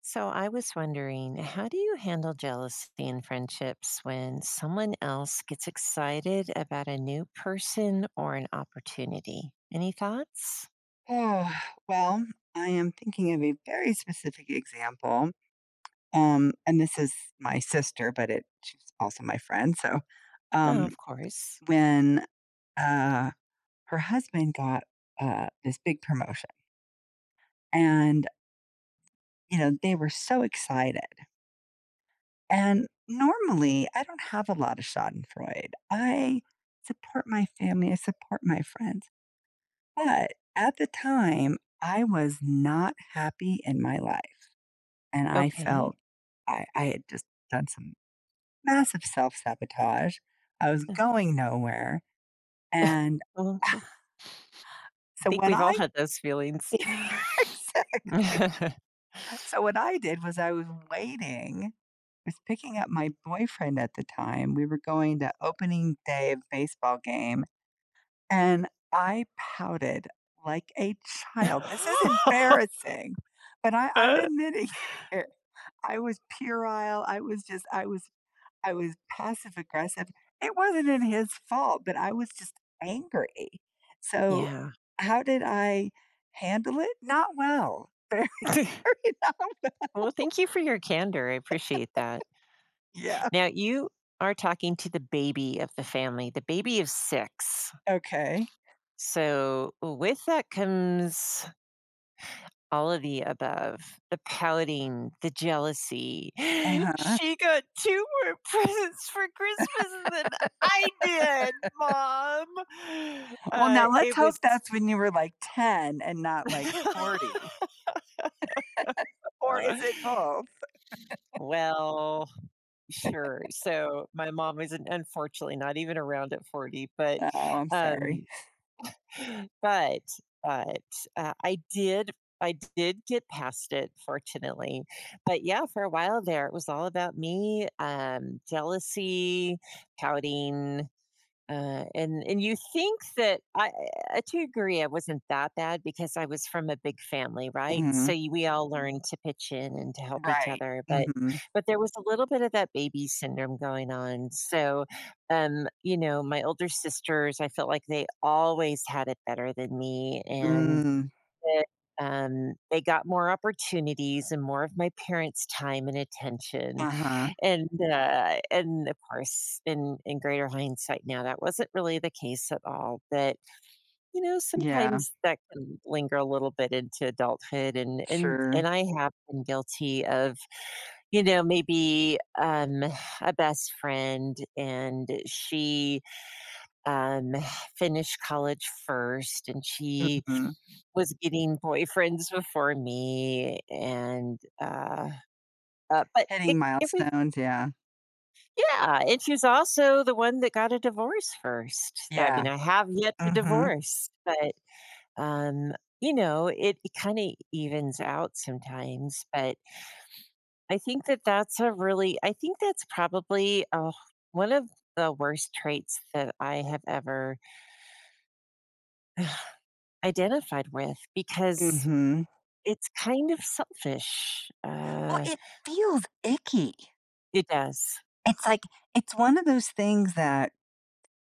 So, I was wondering, how do you handle jealousy in friendships, when someone else gets excited about a new person or an opportunity? Any thoughts? Ugh, well, I am thinking of a very specific example. Um, and this is my sister, but it she's also my friend, so, Oh, um, of course. when, uh, her husband got a this big promotion and, you know, they were so excited. And, normally, I don't have a lot of schadenfreude. I support my family. I support my friends. But, at the time, I was not happy in my life, and I Okay. felt I I had just done some massive self-sabotage. I was Ugh. going nowhere, and Uh-huh. I So, think what we've all I had those feelings. Exactly. So what I did was, I was waiting; I was picking up my boyfriend at the time. We were going to opening day of baseball game, and I pouted like a child. This is embarrassing! But I I'm admitting it here. I was puerile. I was just I was I was passive aggressive. It wasn't even his fault, but I was just angry. So, Yeah. how did I handle it? Not well, very, very not well. Well, thank you for your candor, appreciate that. Yeah. Now you are talking to the baby of the family, the baby of 6. Okay. So, w with that comes all of the above, the pouting, the jealousy. Uh-huh. "She got 2 more presents for Christmas than I did, mom." Well, Uh, now let's it was hope t that's when you were, like, 10 and not, like, 40. Or is it both? Well, sure. So, my mom was an unfortunately, not even around at 40, but, Oh, I'm sorry. um But, but, uh, I did I did get past it, fortunately. But, yeah, for a while there, it was all about me, um, jealousy, pouting, uh and and you think that I Eh, to agree I wasn't that bad, because I was from a big family, right? So, Mhm. you we all learned to pitch in and to help each Right. other, but Mhm. but there was a little bit of that baby syndrome going on. So, um, you know, my older sisters, I felt like they always had it better than me, and Mm. that, um, they got more opportunities and more of my parents' time and attention, Uh-huh. and, uh and, of course, in in greater hindsight now, that wasn't really the case at all, but, you know, Yeah. sometimes that can linger a little bit into adulthood, and and Sure. and I have been guilty of, you know, maybe, um, a best friend, and she, um, finished college first, and she Mhm. was getting boyfriends before me, and, uh uh, but it Hitting if we milestones, yeah. Yeah. And she's also the one that got a divorce 1st. I mean, Yeah. I have yet to Mhm. divorce, but, um, you know, it it kinda evens out sometimes. But I think that that's a really I think that's probably, ugh, one of the worst traits that I have ever identified with, because Mhm. it's kind of selfish, Well, uh it feels icky. It does. It's like it's one of those things that,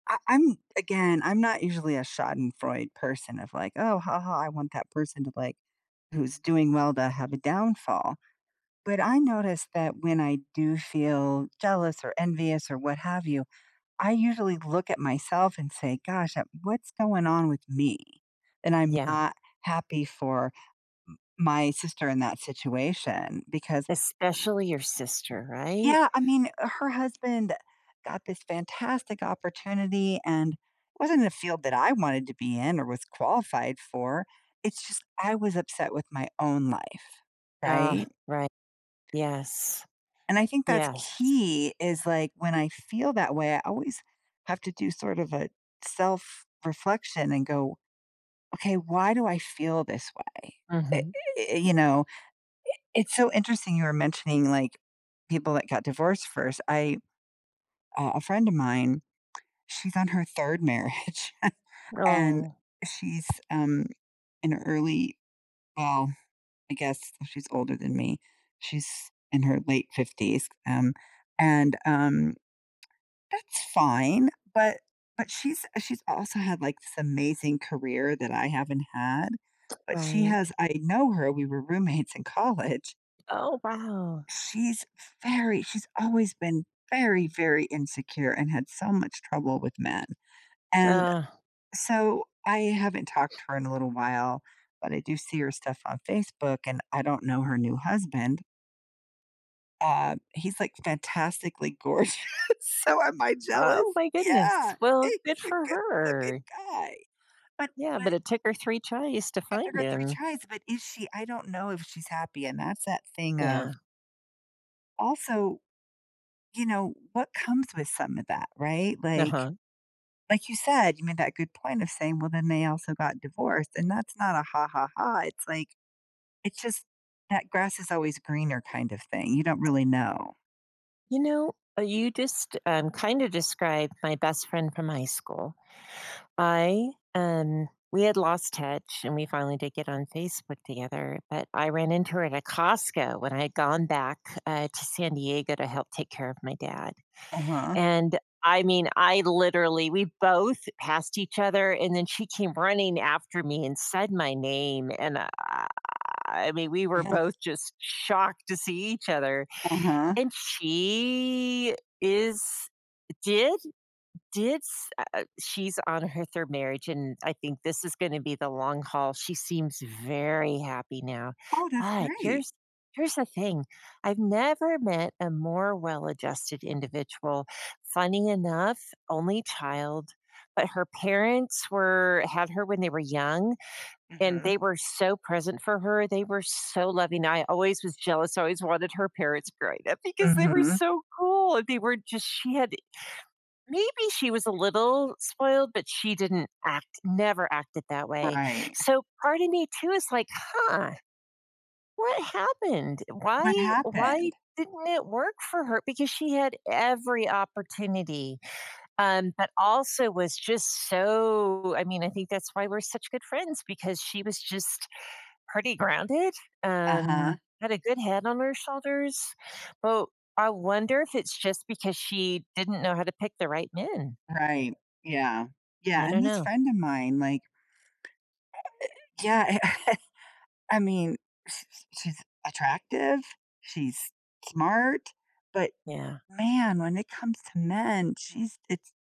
I I'm Again, I'm not usually a schadenfreude person of, like, "Oh ha ha, I want that person to, like who's doing well to have a downfall." But I noticed that when I do feel jealous or envious or what have you, I usually look at myself and say, "Gosh, uh, what's going on with me?" and I'm Yeah. not happy for m my sister in that situation because Especially your sister. Right? Yeah. I mean, her husband got this fantastic opportunity and wasn't in a field that I wanted to be in or was qualified for. It's just I was upset with my own life. Ah, Right? righ Yes. And I think that's Yes. key is, like, when I feel that way, I always have to do sort of a self-reflection and go, "Okay. Why do I feel this way," i Mhm. i you know? I it's so interesting you were mentioning, like, people that got divorced first. I uh, a friend of mine, she's on her 3rd marriage, and Aw. she's, um, in early well, I guess, she's older than me. She's in her late '50s, um, and, um, that's fine. But but she's she's also had, like, this amazing career that I haven't had. But she Right. has I know her. We were roommates in college. Oh, wow. She's very she's always been very, very insecure and had so much trouble with men, and Ugh. so, I haven't talked to her in a little while, but I do see her stuff on Facebook, and I don't know her new husband. Uh, he's, like, fantastically gorgeous, so am I Oh jealous? my goodness, Yeah, well, good he's a for good looking her. guy. But Yeah, but but it took her 3 tries to it took find her 3 him. tries, but is she I don't know if she's happy, and that's that thing of Yeah. Also, you know, what comes with some of that? Right? Like Nuh-huh. like you said, you made that good point of saying, "Well, then they also got divorced," and that's not a "Ha, ha, ha," it's like it's just that, "grass is always greener kind of thing," you don't really know. You know, uh you just, um, kinda described my best friend from high school. I, um we had lost touch, and we finally did get on Facebook together, but I ran into her at a Costco, when I had gone back, uh, to San Diego to help take care of my dad. Uh-huh. And, I mean, I literally we both passed each other, and then she came running after me and said my name, and, I mean, we were Uh-huh. both just shocked to see each other, Uh-huh. and she is did? did s uh eh she's on her 3rd marriage, and I think this is gonna be the long haul, she seems very happy now. Oh, that's But great. here's here's the thing, I've never met a more well adjusted individual. Funny enough, only child, but her parents were had her when they were young, and Mhm. they were so present for her, they were so loving, I always was jealous, I always wanted her parents growing up because they were Mhm. so cool, they were just she had maybe she was a little spoiled, but she didn't act never acted that way. Right. So part of me too is like, "Huh, what happened? What Why why happened? didn't it work for her?" Because she had every opportunity, um, but also was just so I mean, I think that's why we're such good friends because she was just pretty grounded, um, Uh-huh. had a good head on her shoulders. Well, I wonder if it's just because she didn't know how to pick the right men. Right. Yeah, yeah, I and don't this know. friend of mine, like eh eh yeah, I mean, sh sh she's attractive, she's smart, but, Yeah. man, when it comes to men, she's it's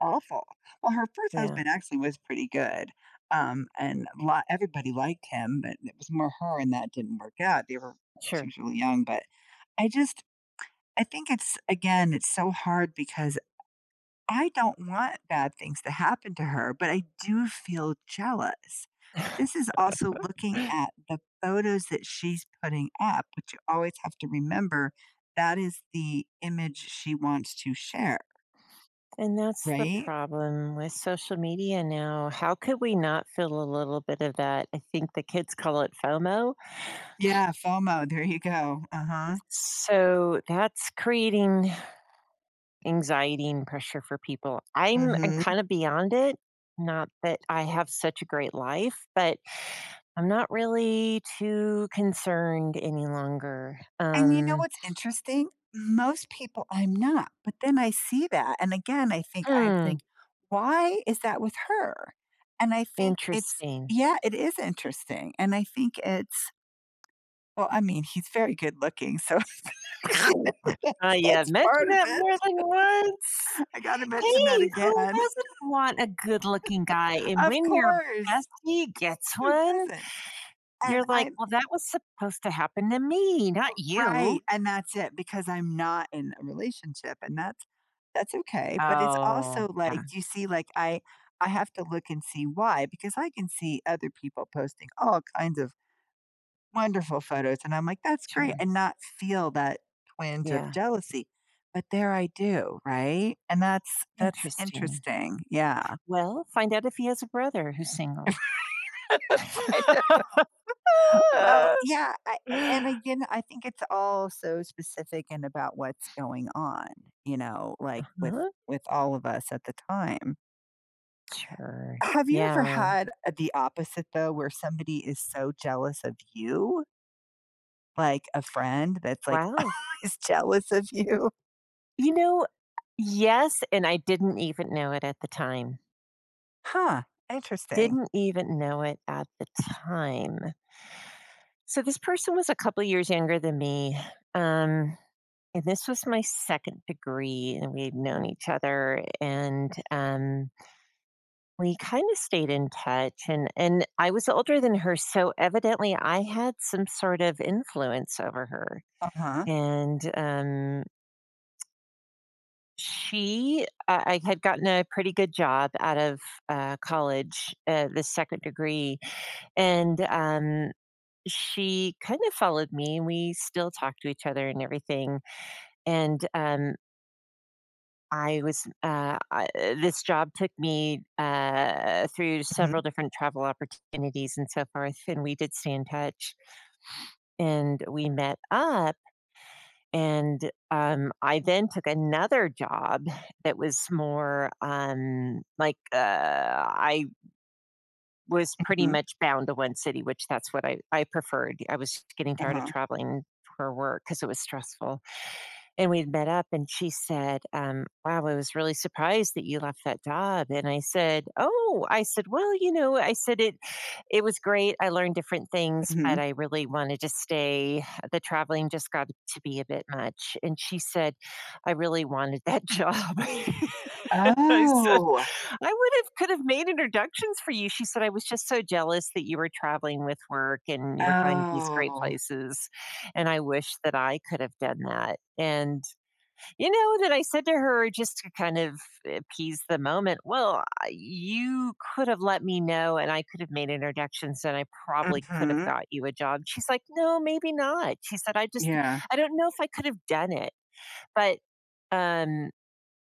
awful. Well, her 1st Yeah. husband actually was pretty good, um, and a lot everybody liked him, but it was more her and that didn't work out, they were she Sure. was really young, but, I just I think it's again, it's so hard because I don't want bad things to happen to her, but I do feel jealous. But this is also looking at the photos that she's putting up, which you always have to remember that is the image she wants to share. And that's the Right? problem with social media now, how could we not feel a little bit of that? I think the kids call it FOMO. Yeah, FOMO, there you go, uh-huh. So, that's creating anxiety and pressure for people. I'm I'm Mhm. kinda beyond it, not that I have such a great life, but I'm not really too concerned any longer, And you know um what's interesting? Most people I'm not, but then I see that, and, again, I think I Hmm. think, "Why is that with her?" And I think it's Interesting. yeah, it is interesting and I think it's well, I mean, he's very good looking, so that's part [unintelligible] that's I have that's part mentioned of that it. more than once. I gotta mention that Hey, who again. doesn't want a good looking guy? And Of when your course. bestie gets Who one, doesn't? you're And like, I'm "Well, that was supposed to happen to me, not oh you." right, and that's it because I'm not in a relationship, and that's that's okay, but it's Oh, also yeah. like you see, like, I I have to look and see why because I can see other people posting all kinds of wonderful photos, and I'm like, "That's great," Sure. and not feel that twinge of Yeah. jealousy. But there I do, right? And that's that's Interesting. interesting, yeah. Well, find out if he has a brother who's single. [unintelligible] Well, yeah, I and, again, I think it's all so specific in about what's going on, you know, like, with Uh-huh. with all of us at the time. Sure, Have you ever yeah. had, uh, the opposite, though, where somebody is so jealous of you? Like, a friend that's, like, Wow. always jealous of you. You know Yes, and I didn't even know it at the time. Huh. Interesting. Didn't even know it at the time. So this person was a couple years younger than me, um, and this was my 2nd degree, and we had known each other, and, um we kinda stayed in touch, and and I was, uh, older than her, so evidently, I had some sort of influence over her, Uh-huh. and, um she I I had gotten a pretty good job out of, uh, college, eh the 2nd degree, and, um, she kind of followed me, and we still talk to each other and everything, and, um I was, uh, I eh this job took me, uh, through Mhm. several different travel opportunities and so forth, and we did stay in touch. And we met up, and, um, I then took another job that was more, um, like, uh, I w was pretty Mhm. much bound to 1 city, which that's what I I preferred. I was just getting tired of Uh-huh. traveling for work, 'cause it was stressful. And we met up, and she said, um, "Wow, I was really surprised that you left that job," and I said, "Oh," I said, "Well, you know," I said, "It it was great, I learned different things, but Mhm. I really wanted to stay, the traveling just got to be a bit much," and she said, "I really wanted that job," I said, Oh. "I would have could have made introductions for you," she said, "I was just so jealous that you were traveling with work, and you were going to these great Oh. places, and I wish that I could have done that," and, you know, then I said to her just to kind of appease the moment, "Well, I you could have let me know, and I could have made introductions, and I probably could have Mhm. got you a job." She's like, "No, maybe not." She said, "I just d Yeah. I don't know if I could've done it. But, um,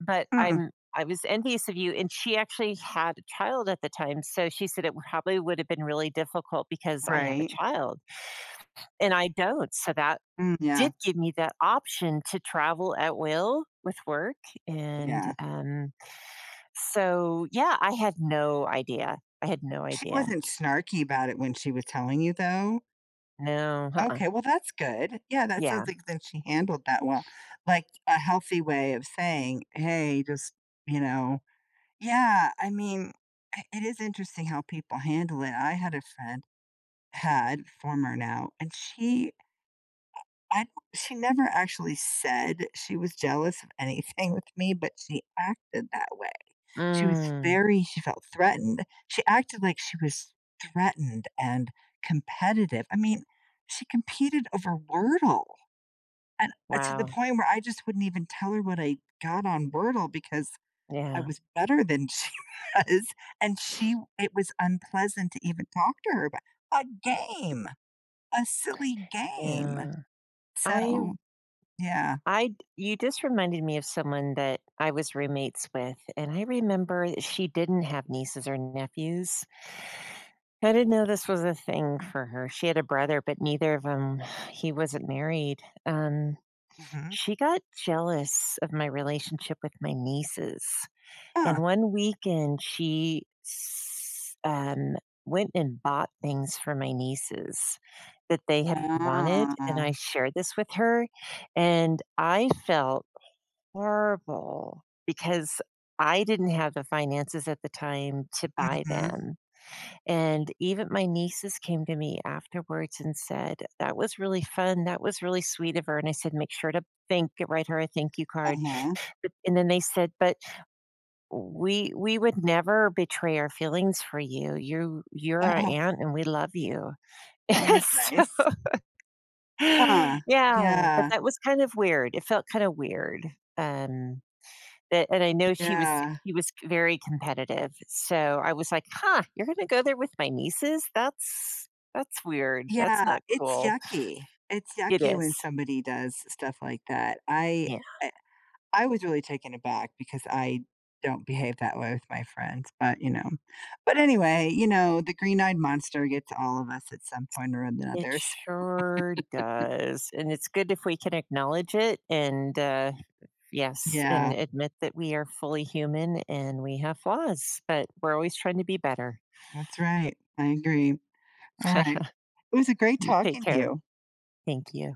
but Hmm. I'm I was envious of you," and she actually had a child at the time, so she said, "It would probably would have been really difficult because I have a Right. child," and I don't, so that Mm, yeah. did give me that option to travel at will with work, and, Yeah. um, so, yeah, I had no idea. I had no She idea. wasn't snarky about it when she was telling you, though? No, uh-uh. Okay, well, that's good. Yeah, that Yeah. sounds like that she handled that well, like, a healthy way of saying, "Hey. Just" You know? Yeah, I mean, it it is interesting how people handle it. I had a friend- had, former now- and she, uh, I thought she never actually said she was jealous of anything with me, but she acted that way. She was Mm. very she felt threatened, she acted like she was threatened and competitive. I mean, she competed over Wordle, and, uh, to the Wow. point where I just wouldn't even tell her what I got on Wordle, because I Yeah. was better than she was, and she it was unpleasant to even talk to her about a game, a silly game. Yeah. I So, yeah. I d you just reminded me of someone that I was roommates with, and I remember i she didn't have nieces or nephews. I didn't know this was a thing for her. She had a brother, but neither of 'em he wasn't married. Um, Mhm. she got jealous of my relationship with my nieces, and Huh. one weekend, she's um, went and bought things for my nieces that they had wanted, and I Oh. shared this with her, and I felt h horrible, because I didn't have the finances at the time to buy Mhm. them, and even my nieces came to me afterwards and said, "That was really fun. That was really sweet of her." and I said, "Make sure to thank and write her a thank you card." Uh-huh. and then they said, "But w we we would never betray our feelings for you. You've you're our Uh-uh. aunt, and we love you." Oh, that's So nice. Huh. Yeah. But Yeah. that was kind of weird. It felt kinda weird. Um, but and I know she was Yeah. he c was very competitive. So I was like, "Huh, you're gonna go there with my nieces? That's that's weird. That's Yeah, not it's cool." yucky. It's It yucky is. when somebody does stuff like that. I Yeah. I I was really taken aback, because I don't behave that way with my friends, but, you know. But, anyway, you know, the green-eyed monster gets all of us at some point or It another, so. sure does, and it's good if we can acknowledge it and, uh yes, Yeah. and admit that we are fully human and we have flaws, but we're always trying to be better. That's right. I agree. Alright. It was, uh, great You take talking to care. you. Thank you.